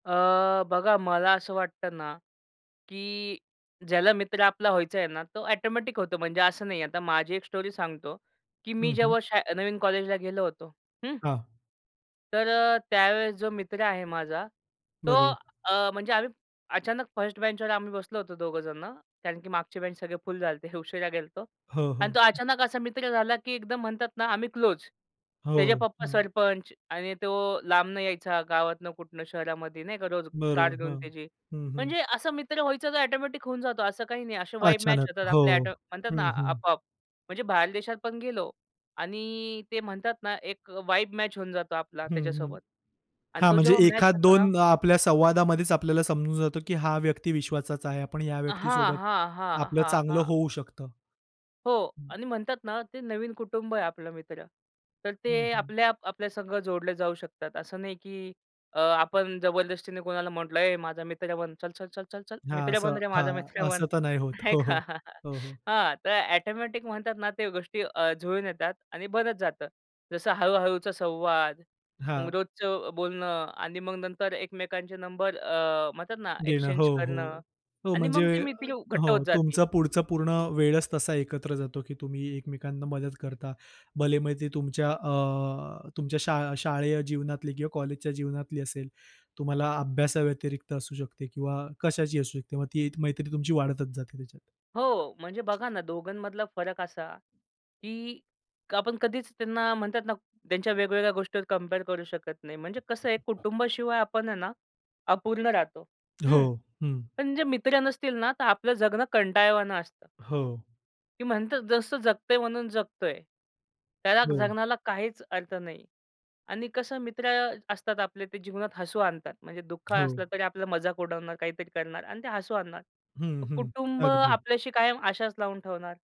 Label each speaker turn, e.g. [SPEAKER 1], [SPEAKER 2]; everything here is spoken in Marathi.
[SPEAKER 1] अ, बघा मला असं वाटतं ना, की ज्याला मित्र आपला व्हायच आहे ना, तो ऑटोमॅटिक होतो म्हणजे असं नाही आहे. आता माझी एक स्टोरी सांगतो, की मी
[SPEAKER 2] हं, हं.
[SPEAKER 1] जेव्हा शा नवीन कॉलेजला गेलो होतो, हं.
[SPEAKER 2] हां.
[SPEAKER 1] तर अ, त्यावेळेस जो मित्र आहे माझा तो
[SPEAKER 2] बरोबर.
[SPEAKER 1] अ, म्हणजे आम्ही अचानक फर्स्ट बेंचवर आम्ही बसलो होतो दोघं जणं कारण की मागचे बेंच सगळे फुल झालते उशिरा गेलतो
[SPEAKER 2] हो,
[SPEAKER 1] अन्
[SPEAKER 2] हो.
[SPEAKER 1] तो अचानक असा मित्र झाला, की एकदम म्हणतात ना, आम्ही क्लोज.
[SPEAKER 2] हो,
[SPEAKER 1] त्याचे
[SPEAKER 2] हो,
[SPEAKER 1] पप्पा
[SPEAKER 2] हं.
[SPEAKER 1] सरपंच आणि तो लांबनं यायचा गावातनं कुठनं शहरामध्ये नाही का रोज कार
[SPEAKER 2] बरोबर,
[SPEAKER 1] घेऊन
[SPEAKER 2] हां,
[SPEAKER 1] त्याची.
[SPEAKER 2] हं, हं.
[SPEAKER 1] म्हणजे असं मित्र व्हायचं तर ऑटोमॅटिक होऊन जातो असं काही नाही असे वाइब मॅच
[SPEAKER 2] अचानक,
[SPEAKER 1] होतात
[SPEAKER 2] हो,
[SPEAKER 1] आपल्या ऑटो म्हणतात ना,
[SPEAKER 2] हं, हं.
[SPEAKER 1] आपोआप. म्हणजे बाहेर देशात पण गेलो आणि ते म्हणतात ना, एक वाइब मॅच होऊन जातो आपला
[SPEAKER 2] हं, हं,
[SPEAKER 1] त्याच्यासोबत अन्
[SPEAKER 2] हां,
[SPEAKER 1] तो
[SPEAKER 2] म्हणजे
[SPEAKER 1] जेव्हा मॅच
[SPEAKER 2] एखाद
[SPEAKER 1] होतो ना
[SPEAKER 2] दोन आपल्या संवादामध्येच आपल्याला समजून जातं, की हा व्यक्ती विश्वासाचा आहे. आपण या
[SPEAKER 1] हां,
[SPEAKER 2] व्यक्तीसोबत
[SPEAKER 1] हां, हां,
[SPEAKER 2] आपलं
[SPEAKER 1] हां,
[SPEAKER 2] चांगलं
[SPEAKER 1] हां.
[SPEAKER 2] होऊ शकतं.
[SPEAKER 1] हो
[SPEAKER 2] हं.
[SPEAKER 1] आणि म्हणतात ना, ते नवीन कुटुंब आहे आपलं मित्र. तर
[SPEAKER 2] हं,
[SPEAKER 1] ते
[SPEAKER 2] हं.
[SPEAKER 1] आपल्या आपल्या संग जोडले जाऊ शकतात असं नाही, की अ, आपण जबरदस्तीने कोणाला म्हटलं, "ए माझा मित्र बन चल-चल-चल-चल-चल
[SPEAKER 2] हां,
[SPEAKER 1] मित्र
[SPEAKER 2] असं
[SPEAKER 1] बन रे
[SPEAKER 2] हां,
[SPEAKER 1] माझा मित्र बन"
[SPEAKER 2] असं तर नाही होत.
[SPEAKER 1] नाही
[SPEAKER 2] हो,
[SPEAKER 1] का?
[SPEAKER 2] हो, हो, हो.
[SPEAKER 1] हां, तर ऑटोमॅटिक म्हणतात ना त्या गोष्टी अ, जुळून येतात आणि भरत जातं. जसं हळू-हळूचा संवाद मग
[SPEAKER 2] हां.
[SPEAKER 1] रोजचं बोलणं आणि मग नंतर एकमेकांचे नंबर अ, म्हणतात ना,
[SPEAKER 2] घेणं हो,
[SPEAKER 1] एक्सचेंज करणं
[SPEAKER 2] हो, हो,
[SPEAKER 1] आणि
[SPEAKER 2] म्हणजे
[SPEAKER 1] मग ती मैत्री घट्ट होत
[SPEAKER 2] हो,
[SPEAKER 1] जाते.
[SPEAKER 2] तुमचा पुढचा पूर्ण वेळच तसा एकत्र जातो, की तुम्ही एकमेकांना मदत करता, भलेही मग ते तुमच्या अ, तुमच्या शा शाळेय जीवनातली किंवा कॉलेजच्या जीवनातली असेल तुम्हाला अभ्यासाव्यतिरिक्त असू शकते किंवा कशाची असू शकते मग ती मैत्री तुमची वाढतच जाते त्याच्यात.
[SPEAKER 1] हो, म्हणजे बघा ना, दोघांमधला फरक असा, की आपण कधीच त्यांना म्हणतात ना त्यांच्या वेगवेगळ्या गोष्टीवर कंपेअर करू शकत नाही. म्हणजे कसं आहे कुटुंबाशिवाय आपण आहे ना अपूर्ण राहतो.
[SPEAKER 2] हो,
[SPEAKER 1] हं,
[SPEAKER 2] हं.
[SPEAKER 1] पण जे मित्र नसतील ना तर आपलं जगणं कंटाळवान असतं.
[SPEAKER 2] हो.
[SPEAKER 1] की म्हणतात जसं जगतंय म्हणून जगतोय. त्याला
[SPEAKER 2] हो.
[SPEAKER 1] जगण्याला काहीच अर्थ नाही आणि कसं मित्र असतात आपले ते जीवनात हसू आणतात म्हणजे दुःख
[SPEAKER 2] हो.
[SPEAKER 1] असलं तरी आपला मजाक उडवणार काहीतरी करणार अन् ते हसू आणणार.
[SPEAKER 2] हं,
[SPEAKER 1] मग
[SPEAKER 2] हं,
[SPEAKER 1] कुटुंब
[SPEAKER 2] अगदी.
[SPEAKER 1] आपल्याशी कायम आशाच लावून ठेवणार.